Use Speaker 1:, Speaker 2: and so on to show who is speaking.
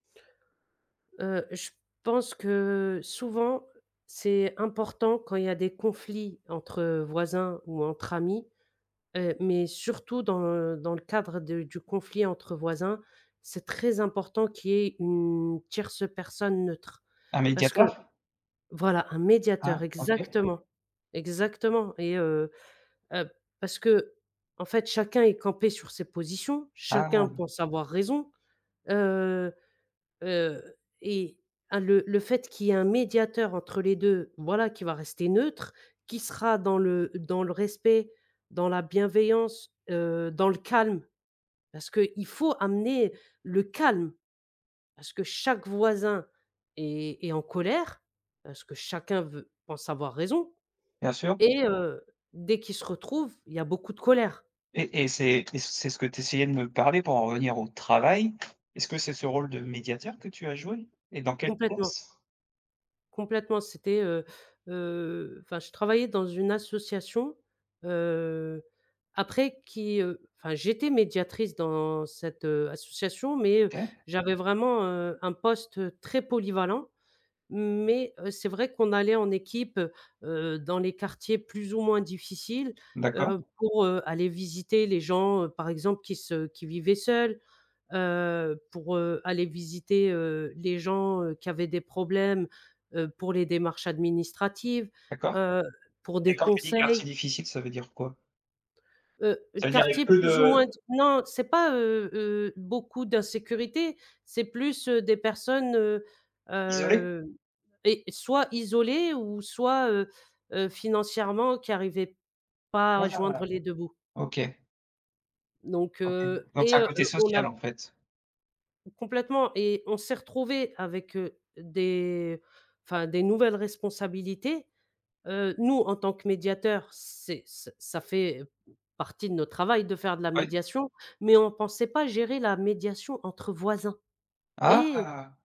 Speaker 1: Heu, je pense que souvent c'est important quand il y a des conflits entre voisins ou entre amis, heu, mais surtout dans, heu, dans le cadre de du conflit entre voisins, c'est très important qu'il y ait une tierce personne neutre.
Speaker 2: Un
Speaker 1: Parce que
Speaker 2: médiateur?
Speaker 1: voilà un médiateur,
Speaker 2: Ah, OK.
Speaker 1: exactement! Exactement et heu heu, parce qu'en fait chacun est campé sur ses positions, chacun
Speaker 2: Ah.
Speaker 1: pense avoir raison, heu heu, et un le le fait qu'il y ait un médiateur entre les 2 voilà, qui va rester neutre, qui sera dans le dans le respect, dans la bienveillance, heu, dans le calme, parce qu'il faut amener le calme. Parce que chaque voisin est est en colère, parce que chacun veut pense avoir raison
Speaker 2: Bien sûr.
Speaker 1: et heu, dès qu'ils se retrouvent il y a beaucoup de colère.
Speaker 2: Et et c'est et c'est ce que tu essayais de me parler pour en revenir au travail. Est-ce que c'est ce rôle de médiateur que tu as joué? Et dans quel
Speaker 1: Complètement.
Speaker 2: poss
Speaker 1: Complètement. C'était, heu heu, enfin je travaillais dans une association, heu, après qui, heu, enfin j'étais médiatrice dans cette, heu, association mais heu,
Speaker 2: OK.
Speaker 1: j'avais vraiment, heu, un poste très polyvalent mais heu, c'est vrai qu'on allait en équipe, heu, dans les quartiers plus ou moins difficiles,
Speaker 2: D'accord.
Speaker 1: heu, pour, heu, aller visiter les gens par exemple qui se qui vivaient seuls, heu, pour, heu, aller visiter, heu, les gens, heu, qui avaient des problèmes, heu, pour les démarches administratives,
Speaker 2: D'accord
Speaker 1: heu, pour
Speaker 2: et
Speaker 1: des
Speaker 2: quand tu dis «quartier
Speaker 1: conseils.
Speaker 2: difficile», ça veut dire quoi
Speaker 1: Heu,
Speaker 2: ça veut dire avec
Speaker 1: quartiers
Speaker 2: peu
Speaker 1: plus ou moins d
Speaker 2: de
Speaker 1: non c'est pas, heu heu, beaucoup d'insécurité, c'est plus des personnes, heu
Speaker 2: Isolé?
Speaker 1: heu et soit isolées ou soit, heu heu, financièrement qui arrivaient pas à
Speaker 2: Waouh!
Speaker 1: joindre les 2 bouts
Speaker 2: OK.
Speaker 1: Donc
Speaker 2: OK,
Speaker 1: heu
Speaker 2: donc ça
Speaker 1: et
Speaker 2: a un
Speaker 1: heu
Speaker 2: côté
Speaker 1: heu, on a
Speaker 2: social, en fait?
Speaker 1: Complètement et on s'est retrouvés avec, heu, des enfin des nouvelles responsabilités. Heu, nous en tant que médiateurs c'est ç ça fait partie de notre travail de faire de la
Speaker 2: Ah oui?
Speaker 1: médiation, mais on pensait pas gérer la médiation entre voisins et
Speaker 2: Ah!